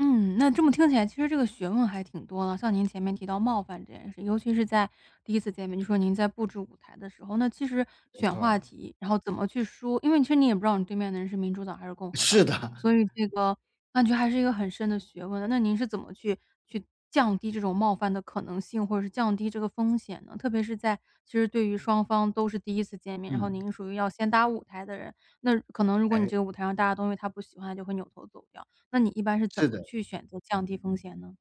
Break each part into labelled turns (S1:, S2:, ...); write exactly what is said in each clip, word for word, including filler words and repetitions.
S1: 嗯，那这么听起来其实这个学问还挺多的。像您前面提到冒犯这件事，尤其是在第一次见面，就说您在布置舞台的时候，那其实
S2: 没
S1: 选
S2: 错
S1: 话
S2: 儿。
S1: 题，然后怎么去说，因为其实你也不知道你对面的人是民主党还是共和党，
S2: 是的。
S1: 所以这个那就还是一个很深的学问，那您是怎么去去降低这种冒犯的可能性，或者是降低这个风险呢？特别是在其实对于双方都是第一次见面，然后
S2: 嗯。
S1: 您是属于要先搭舞台的人，那可能如果你
S2: 诶。
S1: 这个舞台上搭的东西他不喜欢，他就会扭头走掉，那你一般是怎
S2: 是
S1: 么
S2: 的。
S1: 去选择降低风险呢？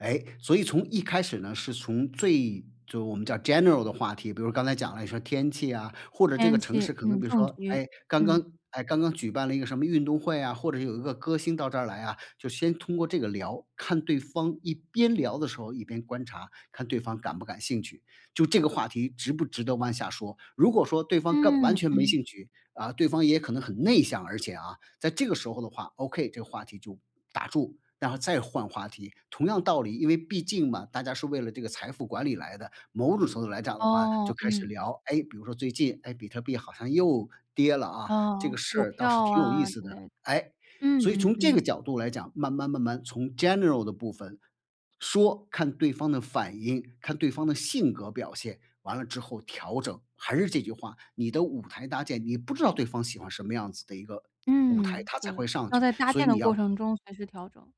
S2: 诶，所以从一开始呢是从最就我们叫 general 的话题，比如刚才讲了，你说天气啊，或者这个
S1: 天
S2: 城
S1: 气，
S2: 市可能
S1: 嗯，
S2: 比如
S1: 政
S2: 说，
S1: 局。
S2: 哎，刚
S1: 嗯。
S2: 刚哎，刚刚举办了一个什么运动会啊，或者有一个歌星到这儿来啊，就先通过这个聊，看对方，一边聊的时候一边观察，看对方感不感兴趣，就这个话题值不值得往下说。如果说对方根完
S1: 嗯。
S2: 全没
S1: 嗯。
S2: 兴趣，啊，对方也可能很内向，而且啊，在这个时候的话，OK，这个话题就打住，然后再换话题。同样道理，因为毕竟嘛，大家是为了这个财富管理来的，某种程度来讲的话就
S1: 哦，
S2: 开始
S1: 嗯。
S2: 聊哎，比如说最近，哎，比特币好像又跌了，啊，
S1: 啊，
S2: 这个事
S1: 股
S2: 儿倒是
S1: 票
S2: 挺有意
S1: 啊之
S2: 思的，
S1: 类的。
S2: 哎。
S1: 嗯，
S2: 所以
S1: 嗯，
S2: 从这个
S1: 嗯。
S2: 角度来讲，慢慢慢慢从 general 的部分说，看对方的反应，看对方的性格表现，完了之后调整。还是这句话，你的舞台搭建，你不知道对方喜欢什么样子的一个舞台
S1: 嗯，
S2: 他才
S1: 对，
S2: 会上
S1: 要
S2: 去，
S1: 在搭
S2: 所
S1: 建
S2: 以你
S1: 的过
S2: 要
S1: 程中随时调整。